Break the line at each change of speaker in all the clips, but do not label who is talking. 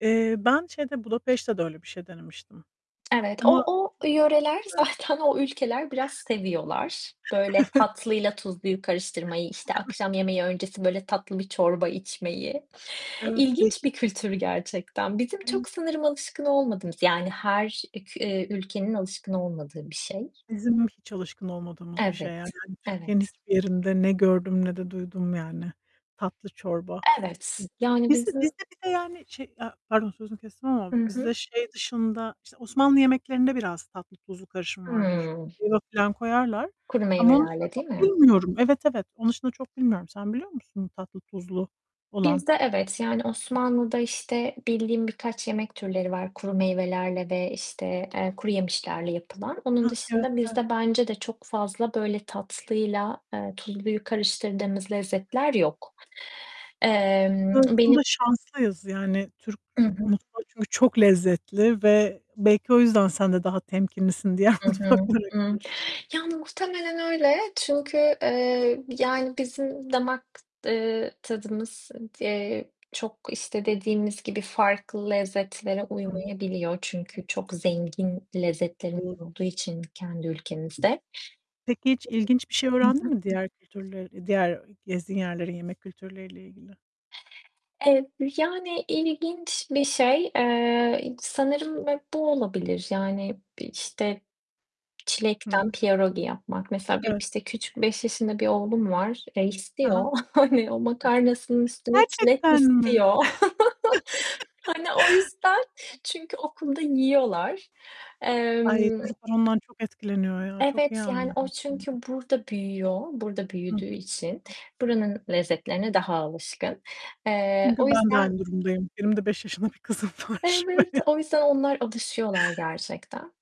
Eee, ben şeyde Budapeşte'de öyle bir şey denemiştim
Evet,
ama
o o yöreler,
[unintelligible]
zaten o ülkeler biraz seviyorlar. Böyle
Evet.
tatlıyla tuzluyu karıştırmayı, işte
Evet.
akşam yemeği öncesi böyle tatlı bir çorba içmeyi.
Evet.
İlginç bir kültür
[unintelligible]
gerçekten. Bizim
[unintelligible]
çok sanırım alışkın olmadığımız yani her, eee, ülkenin alışkın olmadığı bir şey.
Bizim hiç alışkın olmadığımız bir şey
Evet.
yani. Yani, hani Türkiye'nin
Evet.
hiçbir yerinde ne gördüm ne de duydum yani. Tatlı çorba.
Evet yani
Bizde bizde,
bizim
bir de yani şey, e ya pardon sözünü kestim ama
Hı
bizde
hı.
şey dışında işte Osmanlı yemeklerinde biraz tatlı tuzlu karışımı vardır.
Imm.
[unintelligible] filan koyarlar
Kuru
ama onun dışında
meyvelerle
çok
değil mi?
bilmiyorum. Evet, evet, onun dışında çok bilmiyorum. Sen biliyor musun tatlı tuzlu olan?
Bizde evet, yani Osmanlı'da işte bildiğim birkaç yemek türleri var kuru meyvelerle ve işte, eee, kuruyemişlerle yapılan. Onun dışında
[unintelligible]
bizde bence de çok fazla böyle tatlıyla, eee, tuzluyu karıştırdığımız lezzetler yok. Emm, Benim
Aslında şanslıyız, yani Türk
Hı hı.
mutfağı çünkü çok lezzetli ve belki o yüzden sen de daha temkinlisin diğer
Hı hı.
mutfaklara
Iıı,
karşı.
ya muhtemelen öyle çünkü, eee, yani bizim damak, eee, tadımız, eee, çok işte dediğimiz gibi farklı lezzetlere
I hı.
uymayabiliyor. Çünkü çok zengin lezzetlerimiz
Doğru.
olduğu için kendi ülkemizde.
Peki hiç ilginç bir şey
Hı
öğrendin
hı.
mi diğer kültürleri, diğer gezdiğin yerlerin yemek kültürleriyle ilgili?
Ev Yani ilginç bir şey. Eee, sanırım hep bu olabilir yani işte
Hı
çilekten
hı.
pierogi yapmak. Mesela benim
Evet.
işte küçük 5 yaşında bir oğlum var, eee,
He he.
istiyor hani o makarnasının üstüne çilek
Gerçekten mi?
istiyor. Hani o yüzden, çünkü okulda yiyorlar.
Ay
Emm
çocuklar ondan çok etkileniyor ya. Çok iyi
Evet yani
anladım
o
seni
çünkü
de.
burada büyüyor, burada
Ih.
büyüdüğü için buranın lezzetlerine daha alışkın. Eee,
Çünkü
o
ben de
yüzden
aynı durumdayım. Benim de 5 yaşında bir kızım var şu an.
Evet, o yüzden onlar alışıyorlar gerçekten.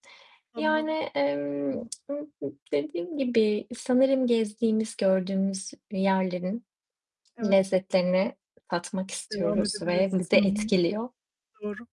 Yani,
Anladım.
emm,
[unintelligible]
dediğim gibi sanırım gezdiğimiz, gördüğümüz yerlerin
Evet.
lezzetlerini tatmak
Devam
istiyoruz ve
edebilirsin.
bizi
Hı hı.
etkiliyor.
Doğru.